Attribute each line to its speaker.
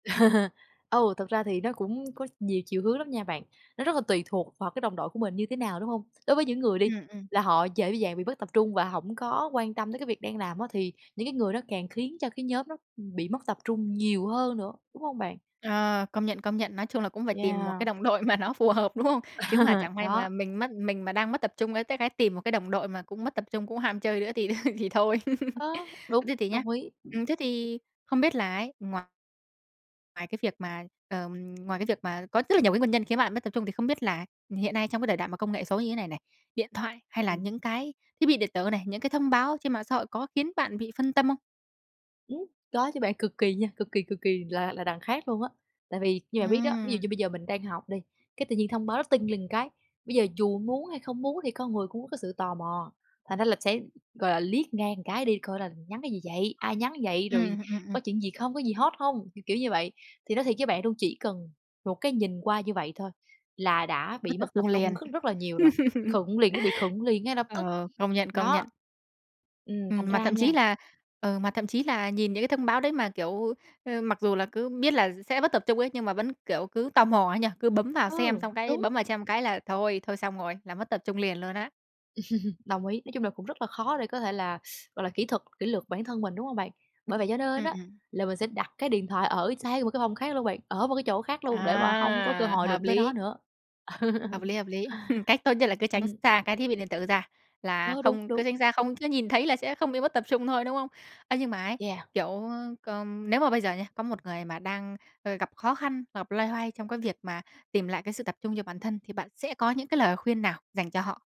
Speaker 1: Ừ, thực ra thì nó cũng có nhiều chiều hướng lắm nha bạn. Nó rất là tùy thuộc vào cái đồng đội của mình như thế nào, đúng hông? Đối với những người đi,
Speaker 2: Ừm, ừm.
Speaker 1: là họ dễ dàng bị mất tập trung và hổng có quan tâm tới cái việc đang làm á, thì những cái người đó càng khiến cho cái nhóm nó bị mất tập trung nhiều hơn nữa, đúng hông bạn?
Speaker 2: Ờ, công nhận, công nhận. Nói chung là cũng phải tìm một cái
Speaker 1: Yeah.
Speaker 2: đồng đội mà nó phù hợp, đúng hông? Chứ mà chẳng may
Speaker 1: Đó.
Speaker 2: mà mình mất mình mà đang mất tập trung, ơ, tới cái tìm một cái đồng đội mà cũng mất tập trung, cũng ham chơi nữa thì thì thôi.
Speaker 1: Ờ,
Speaker 2: Ơ,
Speaker 1: đúng,
Speaker 2: thế thì nhá,
Speaker 1: đồng ý.
Speaker 2: ừm, thế thì không biết là ấy, ngoài Ngoài cái việc mà Ờm, ngoài cái việc mà có rất là nhiều cái nguyên nhân khiến bạn mất tập trung, thì không biết là hiện nay trong cái đời đại mà công nghệ số như thế này này, điện thoại hay là
Speaker 1: Ừm.
Speaker 2: những cái thiết bị điện tử này, những cái thông báo trên mạng xã hội có khiến bạn bị phân tâm không?
Speaker 1: Ừm, có chứ bạn. Cực kỳ nha, cực kỳ, cực kỳ là là đằng khác luôn á. Tại vì như bạn biết đó, ví dụ như
Speaker 2: Ừm.
Speaker 1: bây giờ mình đang học đi, cái tự nhiên thông báo nó ting lên cái. Bây giờ dù muốn hay không muốn thì con người cũng có cái sự tò mò. Thành ra là sẽ, gọi là, liếc ngang cái đi coi là nhắn cái gì vậy, ai nhắn vậy, rồi
Speaker 2: Ừm, ừm, ừm.
Speaker 1: có chuyện gì không, có gì hot hông, kiểu, kiểu như vậy. Thì nói thiệt với bạn luôn, chỉ cần một cái nhìn qua như vậy thôi là đã
Speaker 2: Mất
Speaker 1: bị mất
Speaker 2: tập
Speaker 1: tập
Speaker 2: trung
Speaker 1: trung
Speaker 2: liền.
Speaker 1: cất rất là nhiều rồi. Khựng liền, nó bị khựng liền ngay lập tức.
Speaker 2: Ờ, công nhận, công
Speaker 1: Đó.
Speaker 2: nhận.
Speaker 1: Ừm, thành
Speaker 2: Ừm, mà
Speaker 1: ra
Speaker 2: thậm
Speaker 1: nha
Speaker 2: chí là ừ, mà thậm chí là nhìn những cái thông báo đấy mà, kiểu, ơ, mặc dù là cứ biết là s sẽ mất tập trung ấy, nhưng mà vẫn, kiểu, cứ tò mò ấy nhỉ? Cứ bấm vào xem
Speaker 1: Ừ,
Speaker 2: xong cái
Speaker 1: đúng.
Speaker 2: bấm vào xem cái là thôi, thôi xong rồi, là mất tập trung liền luôn á.
Speaker 1: Đồng ý. Nói chung là cũng rất là khó để có thể là, gọi là, kỹ thuật kỷ luật bản thân mình, đúng hông bạn? Bởi vậy cho nên
Speaker 2: Ừm,
Speaker 1: á,
Speaker 2: ừm.
Speaker 1: là mình sẽ đặt cái điện thoại ở sang một cái phòng khác luôn bạn, ở một cái chỗ khác luôn, để mà hông có cơ
Speaker 2: À,
Speaker 1: hội
Speaker 2: hợp
Speaker 1: đụng tới nó
Speaker 2: lý.
Speaker 1: nữa.
Speaker 2: Hợp lý, hợp lý. Cách tốt nhất là cứ tránh x
Speaker 1: Ừm.
Speaker 2: xa cái thiết bị điện tử ra. Là
Speaker 1: Ơ, đúng,
Speaker 2: không
Speaker 1: đúng.
Speaker 2: cứ tránh xa, không cứ nhìn thấy là sẽ không bị mất tập trung thôi, đúng không? Ơ, nhưng mà ấy,
Speaker 1: Yeah.
Speaker 2: kiểu, ơ, c nếu mà bây giờ nhá, có một người mà đang, ơ, gặp khó khăn, gặp loay hoay trong cái việc mà tìm lại cái sự tập trung cho bản thân, thì bạn sẽ có những cái lời khuyên nào dành cho họ?